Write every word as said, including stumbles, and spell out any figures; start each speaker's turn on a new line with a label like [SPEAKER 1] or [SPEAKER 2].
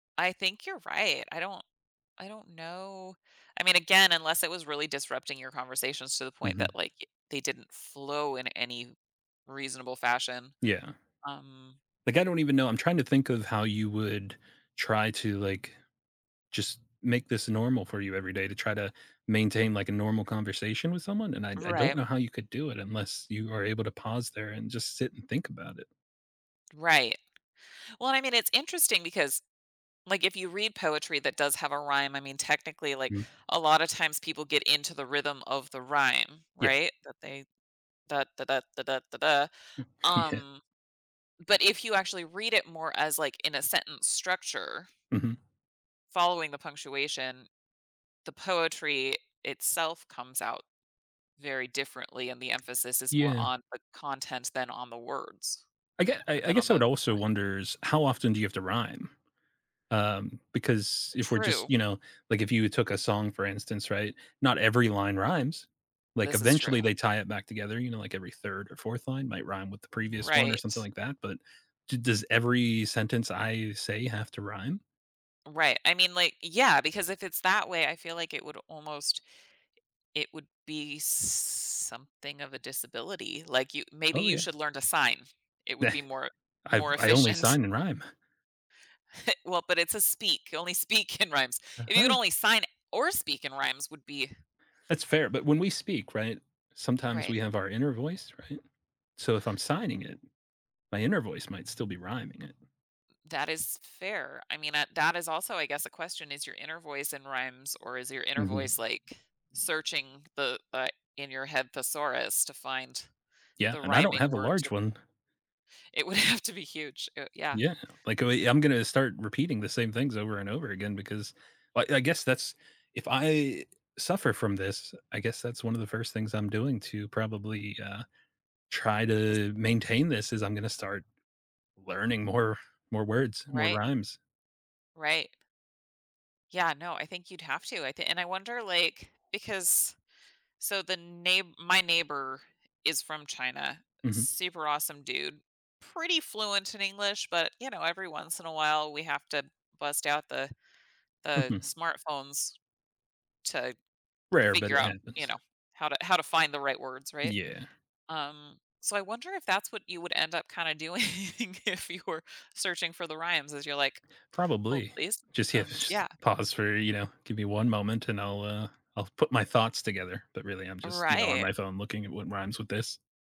[SPEAKER 1] I think you're right, I don't I don't know I mean, again, unless it was really disrupting your conversations to the point
[SPEAKER 2] Mhm.
[SPEAKER 1] that, like, y they didn't flow in any reasonable fashion,
[SPEAKER 2] Yeah.
[SPEAKER 1] um
[SPEAKER 2] Like, I don't even know. I'm trying to think of how you would try to, like, just make this normal for you every day, to try to maintain, like, a normal conversation with someone, and I d I don't
[SPEAKER 1] Right.
[SPEAKER 2] know how you could do it unless you are able to pause there and just sit and think about it.
[SPEAKER 1] Right. Well, I mean, it's interesting because, like, if you read poetry that does have a rhyme, I mean, technically, like,
[SPEAKER 2] Mm.
[SPEAKER 1] a lotta times people get into the rhythm of the rhyme,
[SPEAKER 2] Yeah.
[SPEAKER 1] right? That they ,"dah, da dah, da dah, da dah,"
[SPEAKER 2] Yeah.
[SPEAKER 1] um, but if you actually read it more as, like, in a sentence structure
[SPEAKER 2] Mhm.
[SPEAKER 1] following the punctuation, the poetry itself comes out very differently, and the emphasis is more
[SPEAKER 2] Yeah.
[SPEAKER 1] on the content than on the words,
[SPEAKER 2] I ge I
[SPEAKER 1] or
[SPEAKER 2] I
[SPEAKER 1] than on
[SPEAKER 2] guess I
[SPEAKER 1] the
[SPEAKER 2] would also
[SPEAKER 1] right.
[SPEAKER 2] wonders, how often do you have to rhyme? Um, because if we're just
[SPEAKER 1] True.
[SPEAKER 2] you know, like, if you took a song, for instance, right? Not every line rhymes. Like,
[SPEAKER 1] This is true.
[SPEAKER 2] eventually, they tie it back together, you know, like, every third or fourth line might rhyme with the previous one or something
[SPEAKER 1] Right.
[SPEAKER 2] like that, but d does every sentence I say have to rhyme?
[SPEAKER 1] Right, I mean, like eh, yeah, because if it's that way, I feel like it would almost it would be something of a disability, like, you maybe
[SPEAKER 2] Oh,
[SPEAKER 1] you
[SPEAKER 2] yeah.
[SPEAKER 1] should learn to sign. It would be more e
[SPEAKER 2] I've
[SPEAKER 1] more
[SPEAKER 2] I only
[SPEAKER 1] efficient.
[SPEAKER 2] sign and rhyme.
[SPEAKER 1] Well, but it's a speak, you only speak in rhymes. If you could
[SPEAKER 2] Uh-huh.
[SPEAKER 1] only sign or speak in rhymes would be
[SPEAKER 2] That's fair, but when we speak, right, sometimes
[SPEAKER 1] Right.
[SPEAKER 2] we have our inner voice, right? So, if I'm signing it, my inner voice might still be rhyming it.
[SPEAKER 1] That is fair. I mean, uh, that is also, I guess, a question, is your inner voice in rhymes or is your inner
[SPEAKER 2] Mhm.
[SPEAKER 1] voice, like, searching the, uh, in-your-head thesaurus to find
[SPEAKER 2] Yeah,
[SPEAKER 1] the
[SPEAKER 2] and I don't
[SPEAKER 1] rhyming
[SPEAKER 2] have the
[SPEAKER 1] word, too?
[SPEAKER 2] large one.
[SPEAKER 1] It would have to be huge, uh, yeah.
[SPEAKER 2] Yeah. Like, uh, I'm gonna start repeating the same things over and over again because I I guess that's if I suffer from this, I guess that's one of the first things I'm doing to probably, uh, try
[SPEAKER 1] Is
[SPEAKER 2] to maintain this, is I'm gonna start learning more more words, more
[SPEAKER 1] Right.
[SPEAKER 2] rhymes.
[SPEAKER 1] Right. Yeah, no, I think you'd have to. I thi and I wonder, like because so, the neigh my neighbor is from China,
[SPEAKER 2] Mhm.
[SPEAKER 1] super awesome dude, pretty fluent in English, but, you know, every once in a while, we have to bust out the the
[SPEAKER 2] Mhm.
[SPEAKER 1] smartphones to
[SPEAKER 2] Rare, but
[SPEAKER 1] figure
[SPEAKER 2] it
[SPEAKER 1] out, you
[SPEAKER 2] happens.
[SPEAKER 1] know, how to how to find the right words, right?
[SPEAKER 2] Yeah.
[SPEAKER 1] Um, so I wonder if that's what you would end up, kinda doing if you were searching for the rhymes as you're like, "Hold,
[SPEAKER 2] Probably.
[SPEAKER 1] please."
[SPEAKER 2] Just
[SPEAKER 1] Um, s
[SPEAKER 2] yes, p
[SPEAKER 1] yeah.
[SPEAKER 2] pause for, you know "Give me one moment, and I'll, uh I'll put my thoughts together." But, really, I'm just, you know, on
[SPEAKER 1] Right.
[SPEAKER 2] my phone looking at what rhymes with this.